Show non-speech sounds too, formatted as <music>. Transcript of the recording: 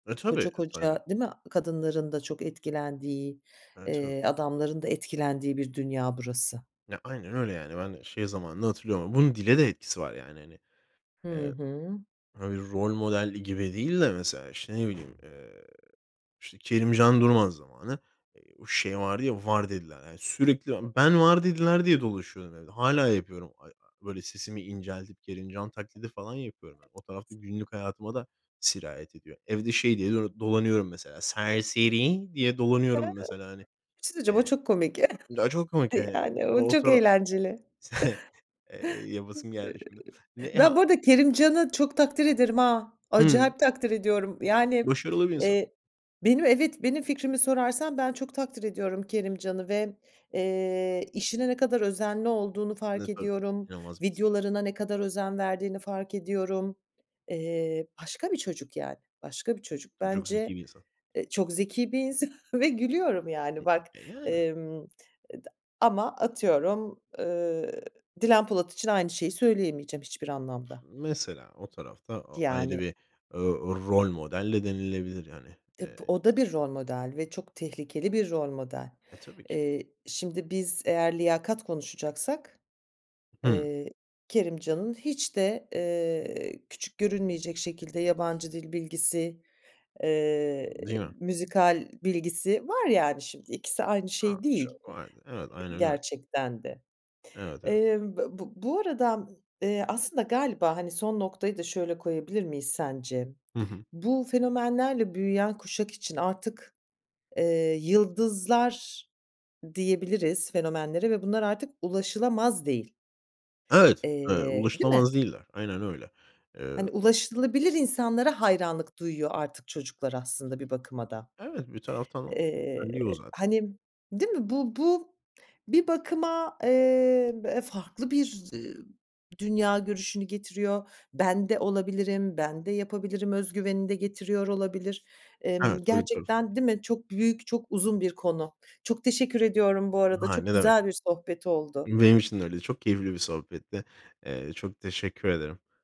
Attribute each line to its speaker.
Speaker 1: Eee
Speaker 2: Koca,
Speaker 1: tabii. <unintelligible>
Speaker 2: koca, değil mi, kadınların da çok etkilendiği,
Speaker 1: Eee tabii.
Speaker 2: eee, adamların da etkilendiği bir dünya burası.
Speaker 1: Ya, aynen öyle, yani. Ben şey zamanını hatırlıyorum ama bunun dile de etkisi var, yani, hani.
Speaker 2: Hı
Speaker 1: Eee,
Speaker 2: hı.
Speaker 1: hani, bir rol model gibi değil de mesela, işte, ne bileyim, eee, işte, Kerimcan Durmaz zamanı. O şey vardı ya, var dediler, hani. Sürekli <unintelligible> ben var dediler diye dolaşıyordum evde. Hâlâ yapıyorum. A öyle sesimi inceltip Kerimcan taklidi falan yapıyorum. <unintelligible> O tarafta günlük hayatıma da sirayet ediyor. Evde şey diye d dolanıyorum mesela, serseri diye dolanıyorum mesela, hani.
Speaker 2: <unintelligible> o
Speaker 1: Eee,
Speaker 2: çok komik <chuckles>
Speaker 1: çok komik. <unintelligible>
Speaker 2: yani, o
Speaker 1: O
Speaker 2: çok
Speaker 1: tara
Speaker 2: eğlenceli.
Speaker 1: <chuckles> yapasım, eee,
Speaker 2: Eee,
Speaker 1: geldi şimdi. Ne ha
Speaker 2: Ben bu arada Kerimcan'ı çok takdir ederim, ha,
Speaker 1: Hımm.
Speaker 2: acayip takdir ediyorum, yani,
Speaker 1: Başarılı bir insan.
Speaker 2: eee, benim evet, benim fikrimi sorarsan ben çok takdir ediyorum Kerimcan'ı ve, eee, işine ne kadar özenli olduğunu fark
Speaker 1: Ne, tabii,
Speaker 2: ediyorum.
Speaker 1: inanılmaz bir <unintelligible>
Speaker 2: Videolarına ne kadar özen verdiğini fark ediyorum. Eee, başka bir çocuk yani, başka bir çocuk
Speaker 1: Tabii çok
Speaker 2: bence,
Speaker 1: zeki bir insan.
Speaker 2: eee, çok zeki bir insan ve gülüyorum yani bak.
Speaker 1: <unintelligible> Eee, yani.
Speaker 2: Emm, et ama atıyorum, ııı, Dilan Polat için aynı şeyi söyleyemeyeceğim hiçbir anlamda.
Speaker 1: Mesela o tarafta a ayrı
Speaker 2: Yani
Speaker 1: bir, eee, rol model de denilebilir hani. Eee.
Speaker 2: O da bir
Speaker 1: <unintelligible>
Speaker 2: rol model ve çok tehlikeli bir rol model.
Speaker 1: Eee, tabii ki.
Speaker 2: Eee, şimdi biz eğer liyakat konuşacaksak,
Speaker 1: Hı.
Speaker 2: eee, Kerimcan'ın hiç de, eee, küçük görünmeyecek şekilde yabancı dil bilgisi, eee,
Speaker 1: Değil mi?
Speaker 2: müzikal bilgisi var, yani, şimdi, ikisi aynı
Speaker 1: A.
Speaker 2: şey
Speaker 1: Ço
Speaker 2: değil,
Speaker 1: <unintelligible> evet aynen öyle.
Speaker 2: gerçekten de.
Speaker 1: Evet, evet.
Speaker 2: Emm, b b bu arada, eee, aslında galiba hani son noktayı da şöyle koyabilir miyiz sence?
Speaker 1: Hı hı.
Speaker 2: Bu fenomenlerle büyüyen kuşak için artık, eee, yıldızlar diyebiliriz fenomenlere ve bunlar artık ulaşılamaz değil.
Speaker 1: Evet, eee,
Speaker 2: Eee, değil mi?
Speaker 1: ulaşılamaz değiller. Aynen öyle.
Speaker 2: Hani
Speaker 1: Eee.
Speaker 2: ulaşılabilir insanlara hayranlık duyuyor artık çocuklar aslında bir bakıma da.
Speaker 1: Evet, bir taraftan o.
Speaker 2: Eee,
Speaker 1: <unintelligible> diyor zaten.
Speaker 2: hani, değil mi? Bu bu bir bakıma, eee, b farklı bir dünya görüşünü getiriyor. Ben de olabilirim, ben de yapabilirim özgüveni de getiriyor olabilir.
Speaker 1: Evet,
Speaker 2: Emm,
Speaker 1: öyle bir tarafı da var.
Speaker 2: gerçekten değil mi? Çok büyük, çok uzun bir konu. Çok teşekkür ediyorum bu arada.
Speaker 1: Ha,
Speaker 2: Çok
Speaker 1: ne demek?
Speaker 2: güzel bir sohbet oldu.
Speaker 1: Benim için de öyle, çok keyifli bir sohbetti. Eee, çok teşekkür ederim.